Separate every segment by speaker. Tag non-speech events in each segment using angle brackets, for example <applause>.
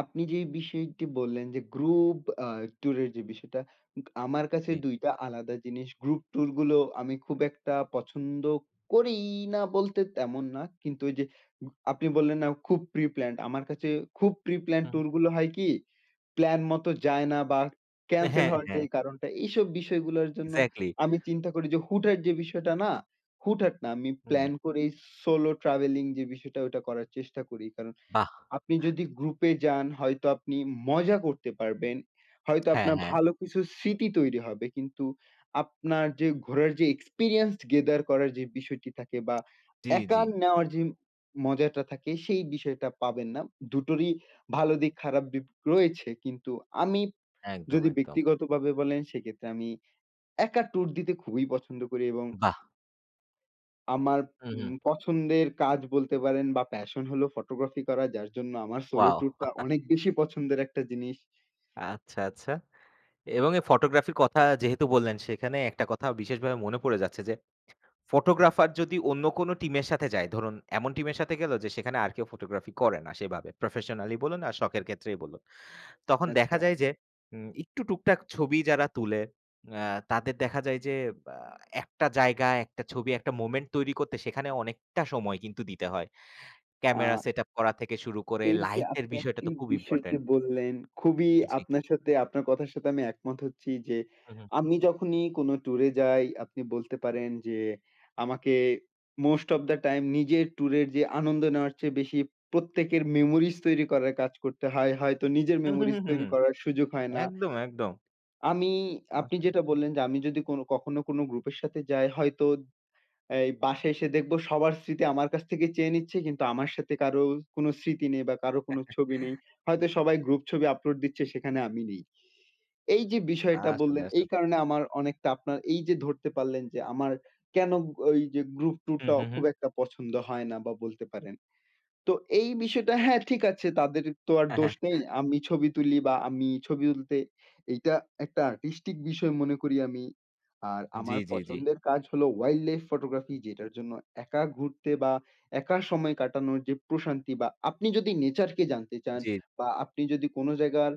Speaker 1: আপনি যেই বিষয়টি বললেন যে, গ্রুপ আ ট্যুরের যে বিষয়টা উগ আমার কাছে
Speaker 2: জি।
Speaker 1: ২ টা আলাদা জিনিস, গ্রুপ ট্যুর গুলো আমি খুব একটা পছন্দ করিই না বলতে তেমন না। কিন্তু ওইযে গ আপনি বললেন না খুব প্রি প্ল্যান্ড, আমার কাছে খুব প্রি প্ল্যান্ড
Speaker 2: হুম।
Speaker 1: ট্যুর গুলো হয় কি? প্ল্যান মত যায় না বা ক্যানসেল
Speaker 2: হ্যাঁ,
Speaker 1: হওয়ার যে
Speaker 2: হ্যাঁ।
Speaker 1: কারণটা এইসব বিষয়গুলোর জন্য
Speaker 2: এক্সাক্টলি।
Speaker 1: আমি চিন্তা করি যে, হুট-হাট যে বিষয়টা না, হুট-হাট না আমি
Speaker 2: হুম।
Speaker 1: প্লান করেই সোলো ট্রাভেলিং যে বিষয়টা ওইটা করার চেষ্টা করি, কারণ
Speaker 2: বাহ!
Speaker 1: আপনি যদি গ্রুপে যান হয়তো আপনি মজা করতে পারবেন। হয়তো
Speaker 2: হ্যাঁ,
Speaker 1: আপনার
Speaker 2: হ্যাঁ।
Speaker 1: ভালো কিছু স্মৃতি তৈরি হবে কিন্তু আপনার যে ঘুরার যে এক্সপেরিয়েন্স গেদার করার যে বিষয়টি থাকে, বা
Speaker 2: জি, জি।
Speaker 1: একা নেওয়ার যে মজাটা থাকে সেই বিষয়টা পাবেন না। ২ টোরই ভালো দিক খারাপ দিক রয়েছে। কিন্তু আমি
Speaker 2: একদম,
Speaker 1: যদি
Speaker 2: একদম।
Speaker 1: ব্যক্তিগতভাবে বলেন সেক্ষেত্রে আমি একা ট্যুর দিতে খুবই পছন্দ করি এবং
Speaker 2: বাহ!
Speaker 1: আমার
Speaker 2: হুম, হু।
Speaker 1: উম পছন্দের কাজ বলতে পারেন বা প্যাশন হলো ফটোগ্রাফি করা যার জন্য আমার সোলো
Speaker 2: ওয়াও!
Speaker 1: ট্যুরটা
Speaker 2: <chuckles>
Speaker 1: অনেক বেশি পছন্দের একটা জিনিস।
Speaker 2: আচ্ছা, আচ্ছা। এবং এই ফটোগ্রাফির কথা যেহেতু বললেন সেখানে একটা কথা বিশেষভাবে মনে পড়ে যাচ্ছে যে, ফটোগ্রাফার যদি অন্য কোনো টিমের সাথে যায়, ধরুন এমন টিমের সাথে গেলো যে সেখানে আর কেউ ফটোগ্রাফি করে না সেভাবে, প্রফেশনালি বলুন আর শখের ক্ষেত্রেই বলুন। তখন দেখা
Speaker 1: আচ্ছা।
Speaker 2: যায় যে, হুম, একটু টুকটাক ছবি যারা তুলে অ্যা তাদের দেখা যায় যে আ একটা জায়গায় একটা ছবি একটা মোমেন্ট তৈরি করতে সেখানে অনেকটা সময় কিন্তু দিতে হয়। ক্যামেরা
Speaker 1: আ
Speaker 2: সেটআপ করা থেকে শুরু করে
Speaker 1: এইযে
Speaker 2: লাইটের
Speaker 1: আপনি
Speaker 2: বিষয়টা
Speaker 1: একটি
Speaker 2: তো খুব
Speaker 1: বিষয়কে
Speaker 2: ইম্পোর্টেন্ট।
Speaker 1: বললেন খুবই
Speaker 2: জি।
Speaker 1: আপনার সাথে, আপনার কথার সাথে আমি একমত হচ্ছি যে,
Speaker 2: হুম, হুম।
Speaker 1: আমি যখনই কোনো ট্যুরে যাই আপনি বলতে পারেন যে, আমাকে মোস্ট ওফ দা টাইম নিজের ট্যুরের যে আনন্দ নেওয়ার চেয়ে বেশি প্রত্যেকের মেমোরিজ তৈরি করার কাজ করতে হয়। হয়তো নিজের
Speaker 2: হুম, হুম,
Speaker 1: মেমোরিজ
Speaker 2: হুম, হুম, হু।
Speaker 1: তৈরি করার সুযোগ হয় না।
Speaker 2: একদম, একদম।
Speaker 1: আমি আপনি
Speaker 2: <unintelligible>
Speaker 1: যেটা বললেন যে, আমি যদি কোনো কখনো কোনো গ্রুপের সাথে যাই হয়তো এই বাসায় এসে দেখবো সবার স্মৃতি আমার কাছ থেকে চেয়ে নিচ্ছে কিন্তু আমার সাথে কারো কোনো স্মৃতি নেই বা কারো কোনো ছবি নেই।
Speaker 2: <chuckles>
Speaker 1: হয়তো সবাই গ্রুপ ছবি আপলোড দিচ্ছে সেখানে আমি নেই। এইযে বিষয়টা
Speaker 2: আসলে,
Speaker 1: বললেন এই
Speaker 2: আসলে।
Speaker 1: কারণে আমার অনেকটা আপনার এইযে ধরতে পারলেন যে আমার কেনো ওইযে গ্রুপ
Speaker 2: হুম,
Speaker 1: ট্যুরটা
Speaker 2: হুম, হু।
Speaker 1: খুব একটা পছন্দ হয় না বা বলতে পারেন। তো এই বিষয়টা, হ্যা, ঠিক আছে তাদের তো আর দোষ নেই।
Speaker 2: <chuckles>
Speaker 1: আমি ছবি তুলি বা আমি ছবি তুলতে এইটা একটা আর্টিস্টিক বিষয় মনে করি আমি। আর
Speaker 2: জি,
Speaker 1: আমার
Speaker 2: জি, জি।
Speaker 1: পছন্দের কাজ হল অয়াইল্ড লাইফ ফটোগ্রাফি যেটার জন্য একা ঘুরতে বা একা সময় কাটানোর যে প্রশান্তি বা আপনি যদি নেচার কে জানতে চান
Speaker 2: জি।
Speaker 1: বা আপনি যদি কোনো জায়গার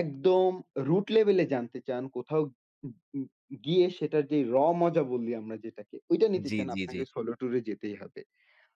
Speaker 1: একদম রুট লেভেলে জানতে চান, কোথাও <unintelligible> গিয়ে সেটার যে Raw মজা বলি আমরা যেটাকে, ওইটা নিতে
Speaker 2: জি,
Speaker 1: চান
Speaker 2: জি, জি।
Speaker 1: আপনাকে সোলো ট্যুরে যেতেই হবে।